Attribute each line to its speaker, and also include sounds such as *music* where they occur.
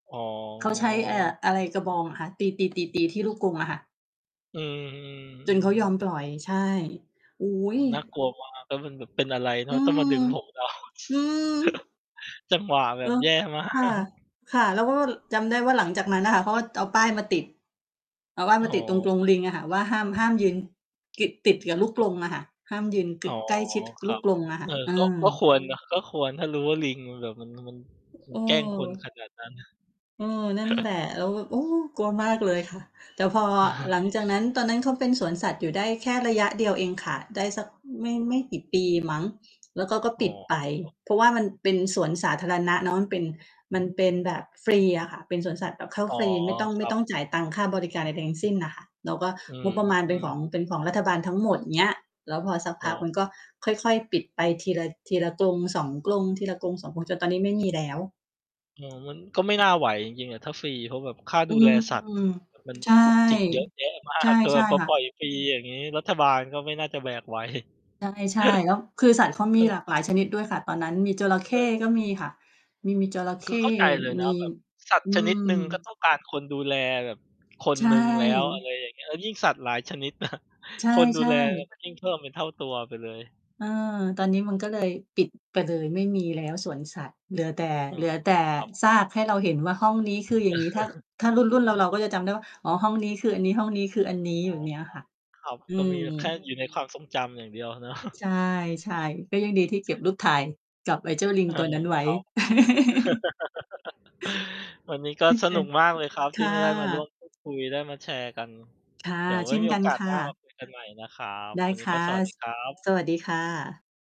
Speaker 1: อ๋
Speaker 2: เขาใช้ เอ่อ
Speaker 1: อ
Speaker 2: อะไรกระบองเหรอคะ? ตี ๆ ๆ ๆ ที่ลูกกรงอะค่ะ
Speaker 1: อือ อือ
Speaker 2: จ
Speaker 1: อื
Speaker 2: นเขายอม
Speaker 1: ม
Speaker 2: ปล่อย ใช่ โอ้
Speaker 1: โอ้
Speaker 2: โ
Speaker 1: โฮ น่า
Speaker 2: ฮ!
Speaker 1: กลัว มาก แล้วมันแบบเป็นอะไรเ
Speaker 2: อ
Speaker 1: นา
Speaker 2: ื
Speaker 1: ะ ต้องม
Speaker 2: ม
Speaker 1: าดึง ผม เรา
Speaker 2: อื
Speaker 1: *chuckles*
Speaker 2: ม
Speaker 1: จังหวะแบ
Speaker 2: เอ
Speaker 1: บ
Speaker 2: อ
Speaker 1: แย่ มา
Speaker 2: ค่ะ
Speaker 1: ก
Speaker 2: ค่ะ เราก็ว่า ร จำได้ว่า หลังจากนั้นน่ะค่ะ เขาก็จะเอาป้ายมาติด เอาป้าย
Speaker 1: อ๋
Speaker 2: มาติดตรงก
Speaker 1: อ
Speaker 2: รงลิงอะค่ะว่า ห้าม ห้าม ยืน กิด ติดกับลูกกรงอะค่ะ ห้ามยืนก
Speaker 1: อ๋
Speaker 2: ึ
Speaker 1: อ
Speaker 2: ใกล้ชิด
Speaker 1: ค
Speaker 2: ล
Speaker 1: ร
Speaker 2: ู
Speaker 1: ั
Speaker 2: ก
Speaker 1: บ
Speaker 2: กรงอะค
Speaker 1: เ
Speaker 2: ่
Speaker 1: อ
Speaker 2: ะ
Speaker 1: อ
Speaker 2: เอ
Speaker 1: ก็
Speaker 2: อ
Speaker 1: ก็ควร เนาะ ก็ควร ถ้ารู้ว่า ลิงมันแบบมัน น่ะ มัน มัน แกล้งคน ข
Speaker 2: เออ
Speaker 1: นาดนั้น
Speaker 2: เออ นั่น แหล
Speaker 1: *chuckles*
Speaker 2: ะ เราแบบ โอ้! กลัวมากเลยค่ะ แต่พอ
Speaker 1: *chuckles*
Speaker 2: หลังจากนั้น ตอนนั้น เขาเป็นสวนสัตว์อยู่ได้แค่ระยะเดียวเองค่ะ ได้สัก อืม ไม่ ไม่กี่ปีมั้ง แล้วก็ ก็
Speaker 1: อ้
Speaker 2: ป
Speaker 1: อ
Speaker 2: ิดไป
Speaker 1: *unintelligible*
Speaker 2: เพราะว่ามันเป็นสวนสาธารณะเนาะ มันเป็น มันเป็นแบบฟรีอะค่ะ เป็นสวนสัตว์แบบเข้า
Speaker 1: อ๋อ
Speaker 2: ฟรี ไม่ต้อง
Speaker 1: ค
Speaker 2: ไม
Speaker 1: ร
Speaker 2: ่
Speaker 1: ับ
Speaker 2: ต้องจ่ายตังค์ค่าบริการใด ๆ ทั้งสิ้นน่ะค่ะ แล้วก็
Speaker 1: อื
Speaker 2: งบประมาณเป็นข
Speaker 1: ม
Speaker 2: อง เป็นของรัฐบาลทั้งหมด เงี้ย แล้วพอสัก
Speaker 1: อ
Speaker 2: พ
Speaker 1: ้
Speaker 2: ัก
Speaker 1: อ
Speaker 2: มันก็ค่อย ๆ ปิดไปทีละ ทีละ 1-2 กรง ทีละ 1-2 กรง จนตอนนี้ไม่มี แล้ว
Speaker 1: อ๋อ มันก็ไม่น่าไหวจริง ๆ อะ ถ้าฟรี เพราะแบบค่า
Speaker 2: อ
Speaker 1: ด
Speaker 2: ื
Speaker 1: ูแล
Speaker 2: ม
Speaker 1: สัตว์ อะ แบบมัน
Speaker 2: ใช่
Speaker 1: จุกจิกเยอะแยะ มา
Speaker 2: ใช่
Speaker 1: ก คือ
Speaker 2: ใช
Speaker 1: แบ
Speaker 2: ่
Speaker 1: บพอ
Speaker 2: ค่
Speaker 1: ปล
Speaker 2: ะ
Speaker 1: ่อยฟรี อย่างงี้ รัฐบาลก็ไม่น่าจะแบก ไหว
Speaker 2: ใช่ ใช่ แล้วคือสัตว์
Speaker 1: *chuckles*
Speaker 2: เขา
Speaker 1: เ
Speaker 2: ม
Speaker 1: อ
Speaker 2: ี
Speaker 1: อ
Speaker 2: หลากหลายชนิด ด้วยค่ะ ตอนนั้น มีจระเข้
Speaker 1: เออ
Speaker 2: ก็มีค่ะ มี มีจระเข
Speaker 1: คื
Speaker 2: ้
Speaker 1: อเข้าใจเลยน
Speaker 2: มี
Speaker 1: ะ แบบสัต
Speaker 2: ม
Speaker 1: ว
Speaker 2: อื
Speaker 1: ์ชนิด
Speaker 2: ม
Speaker 1: หนึ่ง ก็ต้องการ คนดูแลแบบคน
Speaker 2: ใช
Speaker 1: หนึ่งแล้ว อะไ
Speaker 2: ่
Speaker 1: รอย่างเงี้ย เออ ยิ่ง สัตว์หลายชนิด นะ
Speaker 2: ใช่
Speaker 1: คน ดูแล
Speaker 2: ๆ
Speaker 1: มันยิ่ง เพิ่มเป็นเท่าตัวไปเลย
Speaker 2: เออ ตอนนี้ มันก็ เลย ปิดไปเลย ไม่มีแล้วสวนสัตว์ เหลือแต่
Speaker 1: อื
Speaker 2: เหล
Speaker 1: อ
Speaker 2: ือแต่
Speaker 1: ครับผม
Speaker 2: ซากให้เราเห็นว่า ห้องนี้คืออย่างงี้ ถ้า
Speaker 1: *chuckles*
Speaker 2: ถ้ารุ่น ๆ เรา ๆ ก็จะจำได้ว่า อ๋อ ห้องนี้คืออันนี้ ห้องนี้คืออันนี้
Speaker 1: อ
Speaker 2: แ
Speaker 1: ๋
Speaker 2: บ
Speaker 1: อ
Speaker 2: บเนี้ยค่ะ
Speaker 1: ครับ
Speaker 2: อื
Speaker 1: ก็ม
Speaker 2: ม
Speaker 1: ีแบบแค่อยู่ในความทรงจำอย่างเดียว เนาะ
Speaker 2: ใช่ ๆ ก็ยังดีที่เก็บรูปถ่ายกับไอ้เจ้าลิ
Speaker 1: เ
Speaker 2: ง
Speaker 1: ออ
Speaker 2: ตัวนั้นไว้
Speaker 1: ครับ
Speaker 2: *chuckles*
Speaker 1: *chuckles* วันนี้ก็สนุก
Speaker 2: *unintelligible*
Speaker 1: มาก เลยครับ
Speaker 2: ค
Speaker 1: ที่
Speaker 2: ่
Speaker 1: ม
Speaker 2: ะ
Speaker 1: า ได้มา ร่วมพูดคุย ได้มาแชร์กัน
Speaker 2: ค่ะ
Speaker 1: เดี๋ยวไว
Speaker 2: เ
Speaker 1: ้
Speaker 2: ช่น
Speaker 1: มี โ
Speaker 2: ก
Speaker 1: อ
Speaker 2: ัน
Speaker 1: กาส
Speaker 2: ค่
Speaker 1: หน้าม
Speaker 2: ะ
Speaker 1: าคุยกันใหม่ นะครับ
Speaker 2: ได้
Speaker 1: วันน
Speaker 2: ค
Speaker 1: ี้ ก
Speaker 2: ่
Speaker 1: ็
Speaker 2: ะ
Speaker 1: สวัสดี
Speaker 2: ส
Speaker 1: ครับ
Speaker 2: สวัสดีค่ะ